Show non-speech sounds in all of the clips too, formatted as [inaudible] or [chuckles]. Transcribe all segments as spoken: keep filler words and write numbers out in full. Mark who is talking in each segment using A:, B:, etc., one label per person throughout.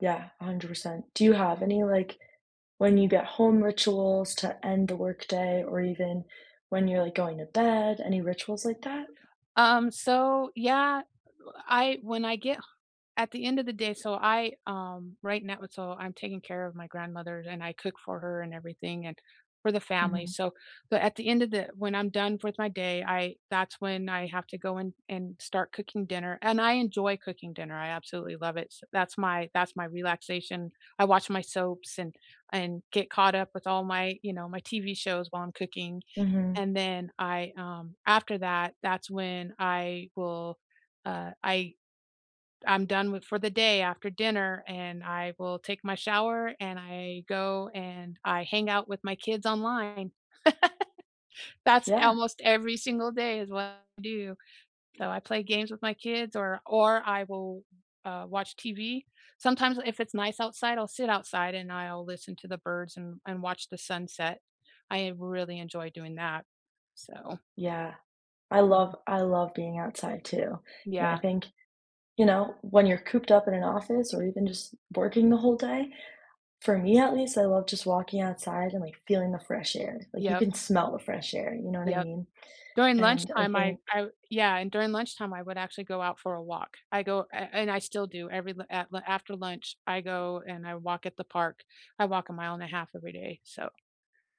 A: Yeah, a hundred percent. Do you have any, like, when-you-get-home rituals to end the workday or even when you're, like, going to bed? Any rituals like that?
B: Um, so yeah, I when I get h at the end of the day, so I um, right now so, I'm taking care of my grandmother, and I cook for her and everything, and for the family,
A: Mhm.
B: so but at the end of the when I'm done with my day, I that's when I have to go in and start cooking dinner- and I enjoy cooking dinner. I absolutely love it s that's my that's my relaxation. I watch my soaps and and get caught up with all my you know, my TV shows while I'm cooking,
A: Mhm.
B: and then I, um after that, that's when I will, uh, I I'm done with for the day after dinner, and I will take my shower, and I go and I hang out with my kids online. [laughs] That's
A: Yeah.
B: almost every single day is what I do. So, I play games with my kids or or I will, uh, watch TV. Sometimes if it's nice outside, I'll sit outside and I'll listen to the birds and and watch the sunset. I really enjoy doing that, so
A: Yeah. I love
B: Mhm.
A: I love being outside too. You know, I
B: Yeah.
A: think you know, when you're cooped up in an office or even just working the whole day, for me at least, I love just walking outside and, like, feeling the fresh air. Like, you
B: Yep.
A: can smell the fresh air, you know what I
B: Yep.
A: mean?
B: During
A: And I
B: lunchtime, I
A: think
B: I Yeah, and during lunchtime, I would actually go out for a walk. I go and and I still do every l af after lunch, I go and I walk at the park. I walk a mile and a half every day, so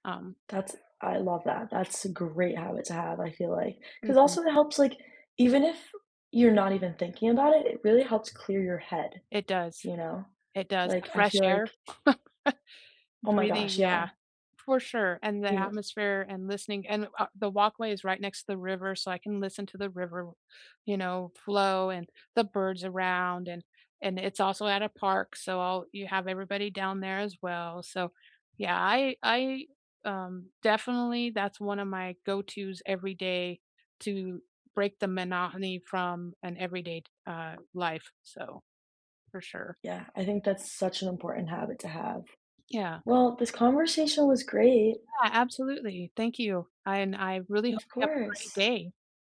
B: um
A: That's I love that. That's a great habit to have, I feel like. 'Cause,
B: Mhm.
A: also, it helps, like even if you're not even thinking about it, it really helps clear your head,
B: It does.
A: you know?
B: It does. A
A: Like, I
B: fresh
A: feel like
B: air, [chuckles]
A: Oh my gosh.
B: breathing Yeah,
A: Yeah.
B: for sure, and the
A: Mhm.
B: atmosphere, and listening, and a the walkway is right next to the river, so I can listen to the river, you know, flow and the birds around and and it's also at a park, so I'll you have everybody down there as well, so yeah, I I, um definitely that's one of my go-to's every day to break the monohony from an everyday d uh, life, so for sure.
A: Yeah, I think that's such an important habit to have.
B: Yeah.
A: Well, this conversation was great.
B: Yeah, absolutely. Thank you, and I really hope
A: Of
B: you have a great
A: course.
B: day.